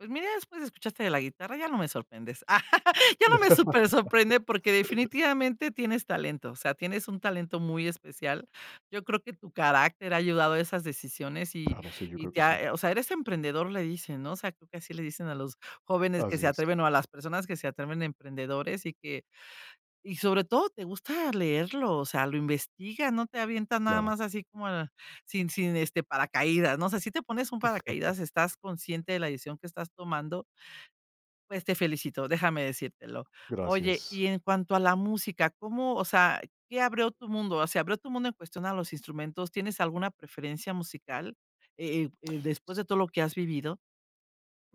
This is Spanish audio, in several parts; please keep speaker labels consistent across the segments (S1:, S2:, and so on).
S1: Pues mira, después escuchaste de la guitarra, ya no me sorprendes. Ya no me super sorprende porque definitivamente tienes talento, o sea, tienes un talento muy especial. Yo creo que tu carácter ha ayudado a esas decisiones, y
S2: Claro, sí, yo
S1: y
S2: creo
S1: te
S2: que sí.
S1: ha, eh o sea, eres emprendedor, le dicen, ¿no?, o sea, creo que así le dicen a los jóvenes que
S2: Así
S1: se
S2: es.
S1: atreven o a las personas que se atreven, "emprendedores" y que y sobre todo, te gusta leerlo, o sea, lo investiga, no te avientas nada
S2: Claro.
S1: más así como ah, sin sin, este, paracaídas, ¿no? No si te pones un paracaídas, estás consciente de la decisión que estás tomando. Pues te felicito, déjame decírtelo. Oye,
S2: Gracias.
S1: y en cuanto a la música, ¿cómo, o sea qué abrió tu mundo, o sea, abrió tu mundo en cuestión a los instrumentos? ¿Tienes alguna preferencia musical, eh eh eh después
S2: S
S1: de todo lo que has vivido?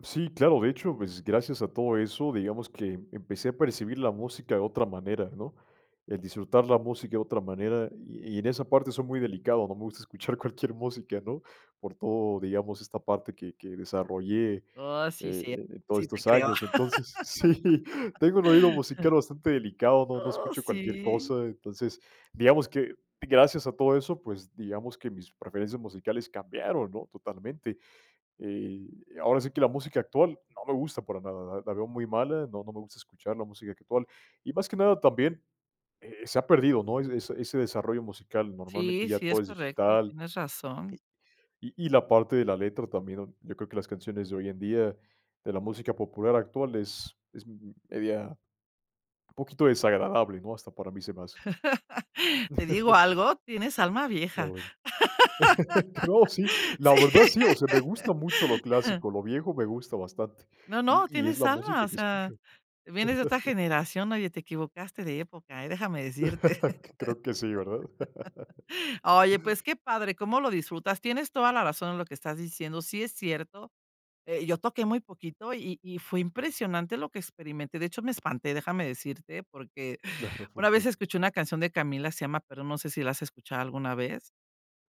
S2: Sí, claro, de hecho, pues, gracias a todo eso, digamos que empecé a percibir la música de otra manera, ¿no?, el disfrutar la música de otra manera y y en esa parte soy muy delicado, no me gusta escuchar cualquier música, ¿no?, por todo digamos, esta parte que que desarrollé, eh
S1: Oh, sí,
S2: eh,
S1: sí,
S2: en todo
S1: sí te
S2: estos
S1: creo.
S2: años. Entonces sí, tengo el oído musical bastante delicado, no no
S1: Oh,
S2: escucho cualquier
S1: sí.
S2: cosa, entonces digamos que gracias a todo eso, pues digamos que mis preferencias musicales cambiaron, ¿no?, totalmente. Eh, ahora sí que la música actual no me gusta para nada, la la veo muy mala, no no me gusta escuchar la música actual, y más que nada también, eh, se ha perdido, ¿no?, es ese ese desarrollo musical, normalmente
S1: Sí,
S2: ya
S1: sí
S2: todo
S1: es
S2: es
S1: correcto,
S2: digital
S1: tienes razón.
S2: que y y la parte de la letra también, yo creo que las canciones de hoy en día, de la música popular actual es es m media poquito desagradable, ¿no? Hasta para mí, se me hace.
S1: ¿Te digo algo? Tienes alma
S2: Qué
S1: vieja.
S2: bueno. No, sí, la
S1: Sí.
S2: verdad, sí, o sea, me gusta mucho lo clásico, lo viejo me gusta bastante
S1: No,
S2: y
S1: no,
S2: y es
S1: tienes
S2: la
S1: alma
S2: música
S1: o
S2: que
S1: sea,
S2: escucho.
S1: vienes de otra generación, oye, te equivocaste de época, ¿eh?, déjame decirte.
S2: Creo que sí, ¿verdad?
S1: Oye, pues qué padre, cómo lo disfrutas. Tienes toda la razón en lo que estás diciendo. Sí es cierto, eh, yo toqué muy poquito, y y fue impresionante lo que experimenté. De hecho, me espanté, déjame decirte, porque
S2: Claro,
S1: una vez
S2: porque
S1: escuché una canción de Camila, se llama, pero no sé si la has escuchado alguna vez.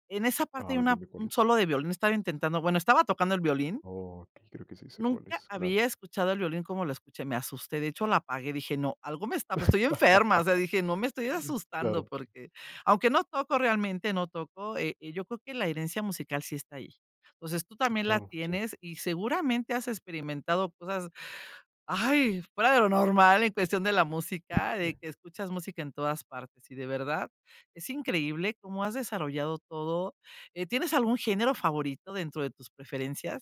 S1: En esa parte
S2: A
S1: hay
S2: ver
S1: una
S2: dime, ¿cuál
S1: un
S2: es?
S1: solo de violín estaba intentando bueno, estaba tocando el violín.
S2: Okey, creo que sí sé cuál
S1: Nunca
S2: es, claro.
S1: había escuchado el violín como lo escuché, me asusté. De hecho, la apagué, dije no, algo me está pues, estoy enferma, o sea, dije: "No, me estoy asustando",
S2: Claro.
S1: porque, aunque no toco realmente, no toco, eh, yo creo que la herencia musical sí está ahí. Entonces, tú también la
S2: Claro, sí.
S1: tienes y seguramente has experimentado cosas, ay, fuera de lo normal en cuestión de la música, de que escuchas música en todas partes, y de verdad es increíble cómo has desarrollado todo, eh, ¿tienes algún género favorito dentro de tus preferencias?